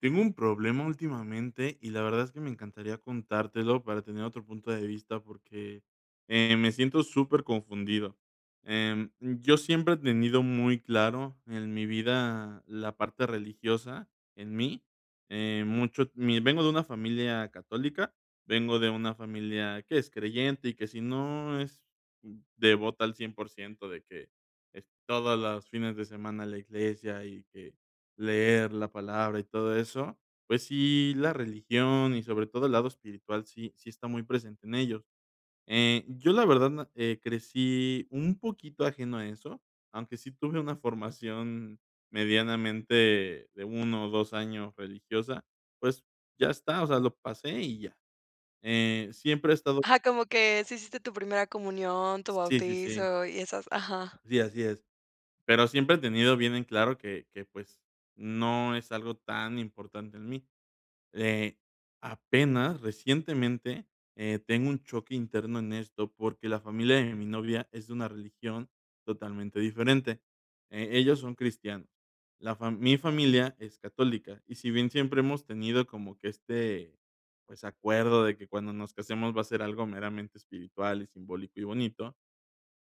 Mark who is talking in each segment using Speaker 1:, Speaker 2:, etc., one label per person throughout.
Speaker 1: Tengo un problema últimamente y la verdad es que me encantaría contártelo para tener otro punto de vista porque, eh, me siento súper confundido. Em, yo siempre he tenido muy claro en mi vida la parte religiosa en mí, eh, mucho mi vengo de una familia católica, vengo de una familia que es creyente y que si no es devota al 100% de que es todas las fines de semana la iglesia y que leer la palabra y todo eso, pues sí, la religión y sobre todo el lado espiritual sí sí está muy presente en ellos. Eh, yo la verdad na crecí un poquito ajeno a eso, aunque sí tuve una formación medianamente de 1 o 2 años religiosa, pues, ya está, o sea, lo pasé y ya. Eh, siempre he estado
Speaker 2: Ajá, como que sí hiciste tu primera comunión, tu
Speaker 1: Sí, sí, sí.
Speaker 2: bautizo y esas ajá.
Speaker 1: Sí, así es. Pero siempre he tenido bien en claro que que, pues, no es algo tan importante en mí, eh, apenas recientemente, eh, tengo un choque interno en esto, porque la familia de mi novia es una religión totalmente diferente. Eh, ellos son cristianos. La fa mi familia es católica, y si bien siempre hemos tenido como que este, pues, acuerdo de que cuando nos casemos va a ser algo meramente espiritual y simbólico y bonito,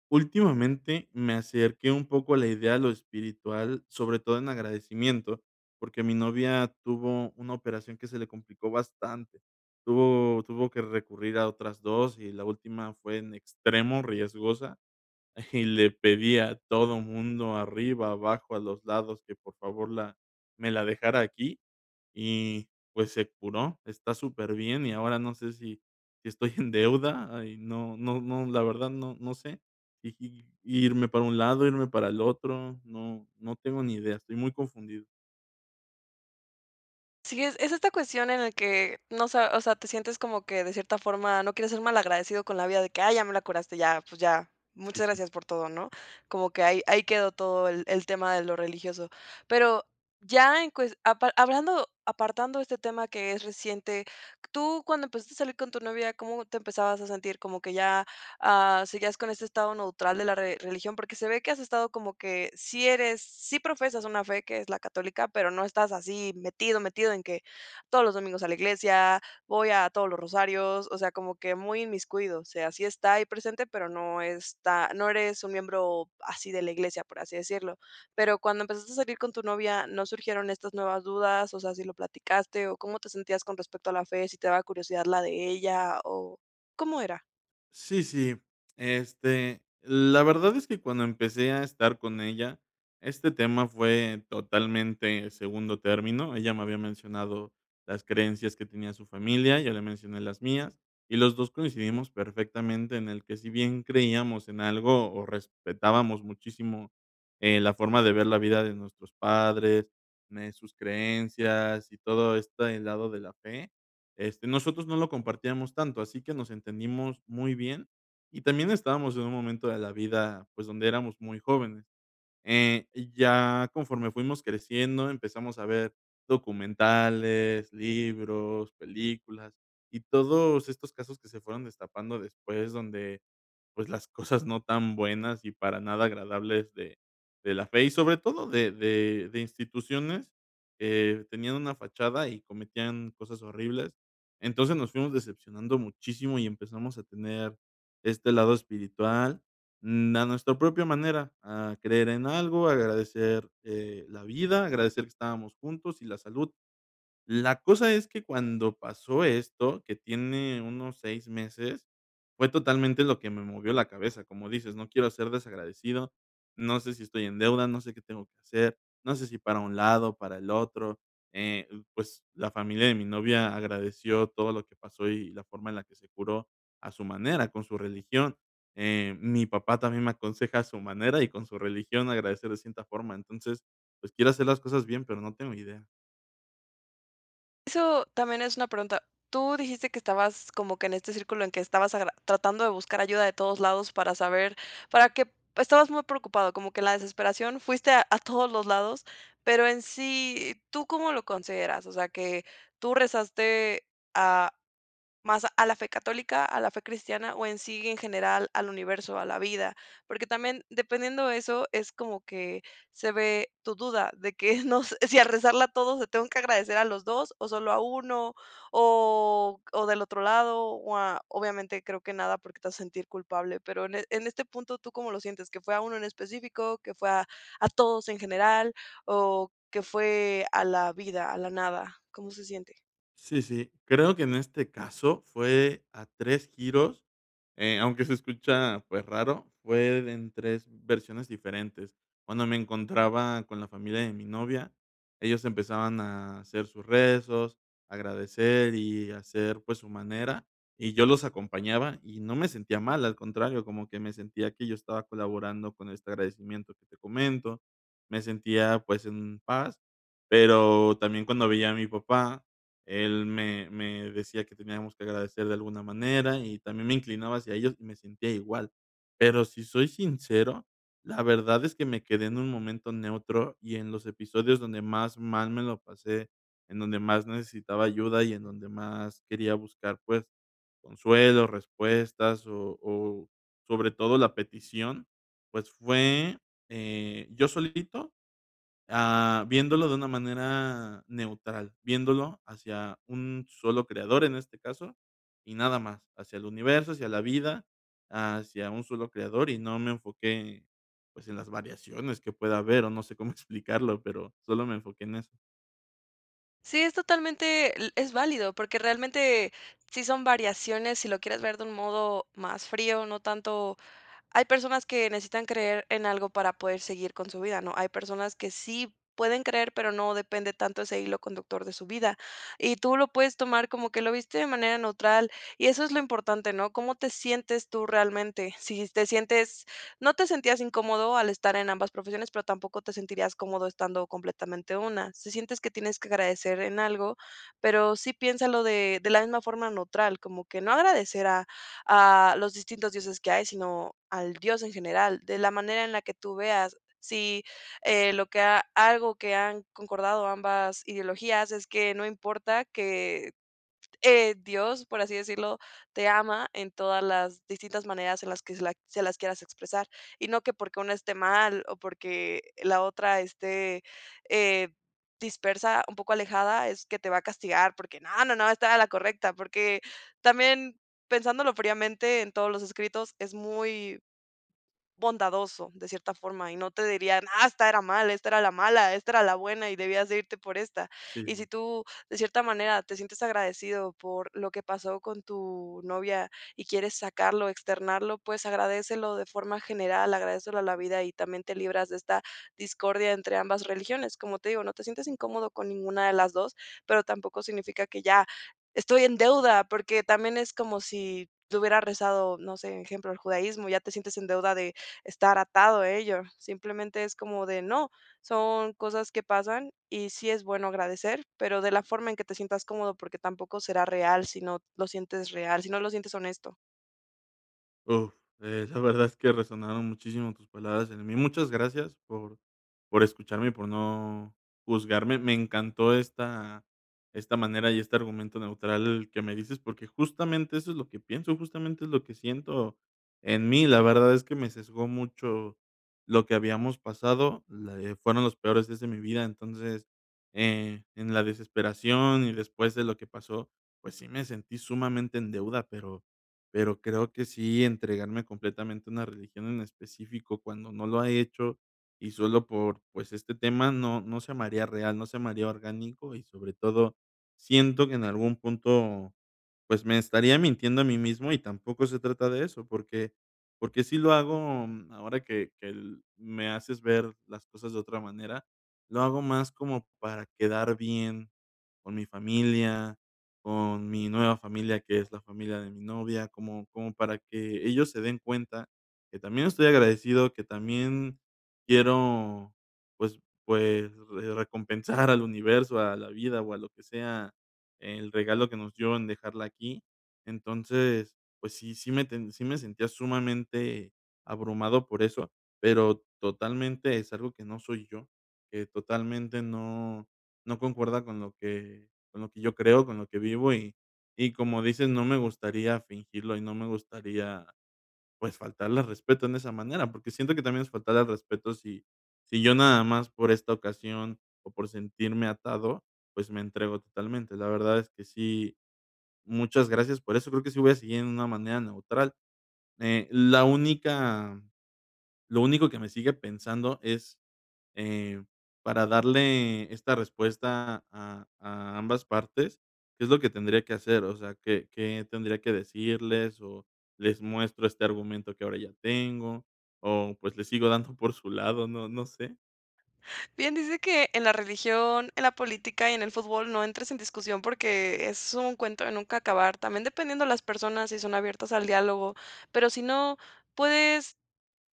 Speaker 1: últimamente me acerqué un poco a la idea de lo espiritual, sobre todo en agradecimiento, porque mi novia tuvo una operación que se le complicó bastante, tuvo tuvo que recurrir a otras 2, y la última fue en extremo riesgosa y le pedí a todo mundo arriba, abajo, a los lados, que por favor la me la dejara aquí y, pues, se curó, está súper bien, y ahora no sé si, si estoy en deuda, y no no no, la verdad no no sé si irme para un lado, irme para el otro, no no tengo ni idea, estoy muy confundido.
Speaker 2: Sí, es es esta cuestión en el que, no sa o sea, te sientes como que de cierta forma no quieres ser malagradecido con la vida de que: "Ay, ya me la curaste, ya, pues ya,
Speaker 1: Sí,
Speaker 2: muchas
Speaker 1: sí.
Speaker 2: gracias por todo", ¿no?, como que ahí ahí quedó todo el el tema de lo religioso, pero ya en cues apa hablando, apartando este tema que es reciente, tú cuando empezaste a salir con tu novia, ¿cómo te empezabas a sentir como que ya, ah, seguías con ese estado neutral de la re religión? Porque se ve que has estado como que sí eres sí profesas una fe que es la Católica, pero no estás así metido metido en que todos los domingos a la iglesia, voy a todos los rosarios, o sea, como que muy inmiscuido, o sea, sí está ahí presente, pero no está, no eres un miembro así de la iglesia, por así decirlo, pero cuando empezaste a salir con tu novia, ¿no surgieron estas nuevas dudas? o sea, ¿si lo platicaste o cómo te sentías con respecto a la fe?, ¿si te daba curiosidad la de ella o cómo era?
Speaker 1: Sí, sí, este, la verdad es que cuando empecé a estar con ella, este tema fue totalmente segundo término, ella me había mencionado las creencias que tenía su familia, ya le mencioné las mías, y los 2 coincidimos perfectamente en el que si bien creíamos en algo o respetábamos muchísimo, eh, la forma de ver la vida de nuestros padres, mm, eh, sus creencias, y todo este lado de la fe, este, nosotros no lo compartíamos tanto, así que nos entendimos muy bien, y también estábamos en un momento de la vida, pues, donde éramos muy jóvenes, eh, y ya conforme fuimos creciendo, empezamos a ver documentales, libros, películas, y todos estos casos que se fueron destapando después donde, pues, las cosas cosas no tan buenas y para nada agradables de de la fe, y sobre todo de de de instituciones, eh, tenían una fachada y cometían cosas horribles. Entonces, nos fuimos decepcionando muchísimo y empezamos a tener este lado espiritual, mm, a nuestra propia manera, a creer en algo, a agradecer, eh, la vida, agradecer que estábamos juntos y la salud. La cosa es que cuando pasó esto, que tiene unos 6 meses, fue totalmente lo que me movió la cabeza, como dices, no quiero ser desagradecido, no sé si estoy en deuda, no sé qué tengo que hacer, no sé si para un lado, para el otro, eh, pues, la familia de mi novia agradeció todo lo que pasó y la forma en la que se curó, a su manera con su religión, eh, mi papá también me aconseja a su manera y con su religión agradecer de cierta forma. Entonces, pues, quiero hacer las cosas bien, pero no tengo idea.
Speaker 2: Eso también es una pregunta. Tú dijiste que estabas como que en este círculo en que estabas agra tratando de buscar ayuda de todos lados para saber, para que estabas muy preocupado, como que en la desesperación, fuiste a todos los lados, pero en sí, ¿tú cómo lo consideras?, o sea, que, ¿tú rezaste a más a la fe católica, a la fe cristiana? O, en sí, en general, al universo, a la vida, porque también dependiendo eso, es como que se ve tu duda de que no, si al rezarla a todos le tengo que agradecer a los 2 o solo a 1 o o del otro lado, o, a obviamente, creo que nada porque te vas a sentir culpable, pero, en en este punto, ¿tú cómo lo sientes? ¿Qué fue a 1 en específico, que fue a a todos en general, o que fue a la vida, a la nada? ¿Cómo se siente?
Speaker 1: Sí, sí. Creo que en este caso fue a 3 giros, eh, aunque se escucha, pues raro, fue en 3 versiones diferentes. Cuando me encontraba con la familia de mi novia, ellos empezaban a hacer sus rezos, agradecer y hacer, pues, su manera, y yo los acompañaba y no me sentía mal, al contrario, como que me sentía que yo estaba colaborando con este agradecimiento que te comento. Me sentía, pues, en paz, pero también cuando veía a mi papá, él me me decía: "Que teníamos que agradecer de alguna manera", y también me inclinaba hacia ellos y me sentía igual. Pero si soy sincero, la verdad es que me quedé en un momento neutro y en los episodios donde más mal me lo pasé, en donde más necesitaba ayuda y en donde más quería buscar, pues, consuelo, respuestas, o o sobre todo la petición, pues, fue, eh, yo solito, ah, viéndolo de una manera neutral, viéndolo hacia un solo creador en este caso, y nada más, hacia el universo, hacia la vida, hacia un solo creador, y no me enfoqué, pues, en las variaciones que pueda haber o no sé cómo explicarlo, pero solo me enfoqué en eso.
Speaker 2: Sí, es totalmente, e es válido, porque realmente sí son variaciones, si lo quieres ver de un modo más frío, no tanto hay personas que necesitan creer en algo para poder seguir con su vida, ¿no?, hay personas que sí pueden creer, pero no depende tanto ese hilo conductor de su vida, y tú lo puedes tomar como que lo viste de manera neutral, y eso es lo importante, ¿no?, ¿cómo te sientes tú realmente?, si te sientes no te sentías incómodo al estar en ambas profesiones, pero tampoco te sentirías cómodo estando completamente una. Si sientes que tienes que agradecer en algo, pero sí piénsalo de de la misma forma neutral, como que no agradecer a a los distintos dioses que hay, sino al Dios en general, de la manera en la que tú veas si, eh, lo que a algo que han concordado ambas ideologías es que no importa que, eh, Dios, por así decirlo, te ama en todas las distintas maneras en las que se las se las quieras expresar, y no que porque uno esté mal, o porque la otra esté, eh, dispersa, un poco alejada, es que te va a castigar, porque no, no, no, estaba la correcta, porque también pensándolo fríamente en todos los escritos, es muy bondadoso de cierta forma, y no te dirían: "¡Ah!, esta era mala, esta era la mala, esta era la buena y debías de irte por esta".
Speaker 1: Sí, sí,
Speaker 2: Y si
Speaker 1: sí.
Speaker 2: tú, de cierta manera, te sientes agradecido por lo que pasó con tu novia y quieres sacarlo, externarlo, pues, agradécelo de forma general, agradécelo a la vida, y también te libras de esta discordia entre ambas religiones. Como te digo, no te sientas incómodo con ninguna de las 2, pero tampoco significa, que ya estoy en deuda, porque también es como si te hubieras rezado, no sé, ejemplo, el judaísmo, ya te sientes en deuda de estar atado a ello. Simplemente, es como de no, son cosas que pasan y sí es bueno agradecer, pero de la forma en que te sientas cómodo, porque tampoco será real, si no lo sientes real, si no lo sientes honesto.
Speaker 1: Uf, eh, la verdad es que resonaron muchísimo tus palabras en mí. Muchas gracias por por escucharme y por no juzgarme. Me encantó esta esta manera y este argumento neutral que me dices, porque justamente eso es lo que pienso, justamente es lo que siento en mí. La verdad, es que me sesgó mucho lo que habíamos pasado, le fueron los peores días de mi vida, entonces, eh, en la desesperación y después de lo que pasó, pues sí, me sentí sumamente en deuda, pero pero creo que sí, entregarme completamente a una religión en específico cuando no lo ha hecho, y solo por, pues, este tema, no no se me haría real, no se me haría orgánico, y sobre todo siento que en algún punto, pues, me estaría mintiendo a mí mismo y tampoco se trata de eso, porque porque sí lo hago, mm ahora que que el me haces ver las cosas de otra manera, lo hago más como para quedar bien con mi familia, con mi nueva familia, que es la familia de mi novia, como como para que ellos se den cuenta que también estoy agradecido, que también quiero, pues pues, eh, re recompensar al universo, a la vida, o a lo que sea, el regalo que nos dio en dejarla aquí. Entonces, pues sí, sí me ten sí me sentía sumamente abrumado por eso, pero totalmente es algo que no soy yo, eh, que totalmente no no concuerda con lo que con lo que yo creo, con lo que vivo, y y como dices, no me gustaría fingirlo, y no me gustaría, pues, faltarle al respeto en esa manera, porque siento que también es faltarle al respeto si si yo nada más, por esta ocasión o por sentirme atado, pues, me entrego totalmente. La verdad es que sí, muchas gracias por eso, creo que sí voy a seguir en una manera neutral. Eh, la única lo único que me sigue pensando es, eh, para darle esta respuesta a a ambas partes, ¿qué es lo que tendría que hacer? O sea, ¿qué qué tendría que decirles o les muestro este argumento que ahora ya tengo, o pues, le sigo dando por su lado? No no sé.
Speaker 2: Bien dice que en la religión, en la política y en el fútbol no entres en discusión, porque es un cuento de nunca acabar. También dependiendo las personas, si son abiertas al diálogo, pero si no puedes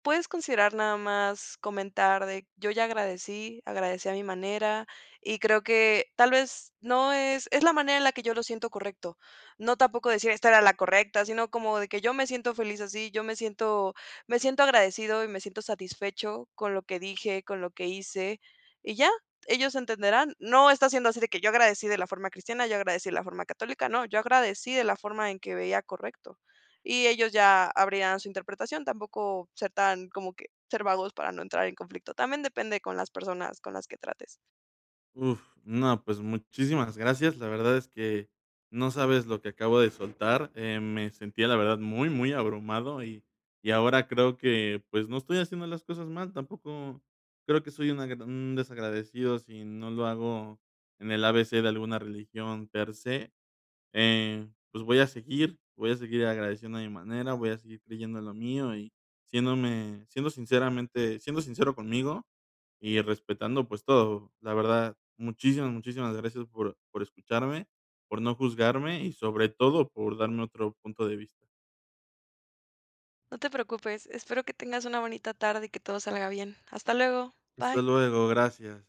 Speaker 2: puedes considerar nada más comentar de "yo ya agradecí, agradecí a mi manera, y creo que tal vez, no es es la manera en la que yo lo siento correcto". No tampoco decir: "Esta era la correcta", sino como de que "yo me siento feliz así, yo me siento me siento agradecido y me siento satisfecho con lo que dije, con lo que hice", y ya. Ellos entenderán, no está siendo así de que "yo agradecí de la forma cristiana, yo agradecí de la forma católica", no, "yo agradecí de la forma en que veía correcto", y ellos ya abrirán su interpretación, tampoco ser tan como que ser vagos, para no entrar en conflicto, también depende con las personas con las que trates.
Speaker 1: Uf, no, pues, muchísimas gracias. La verdad es que no sabes lo que acabo de soltar, eh, me sentía la verdad muy, muy abrumado y y ahora creo que, pues, no estoy haciendo las cosas mal, tampoco creo que soy una d un desagradecido si no lo hago en el A-B-C de alguna religión per se, eh, pues voy a seguir voy a seguir agradeciendo a mi manera, voy a seguir creyendo lo mío y siéndome siendo sinceramente siendo sincero conmigo y respetando, pues, todo. La verdad, muchísimas, muchísimas gracias por por escucharme, por no juzgarme, y sobre todo por darme otro punto de vista.
Speaker 2: No te preocupes, espero que tengas una bonita tarde y que todo salga bien. Hasta luego,
Speaker 1: Hasta
Speaker 2: bye.
Speaker 1: luego, gracias.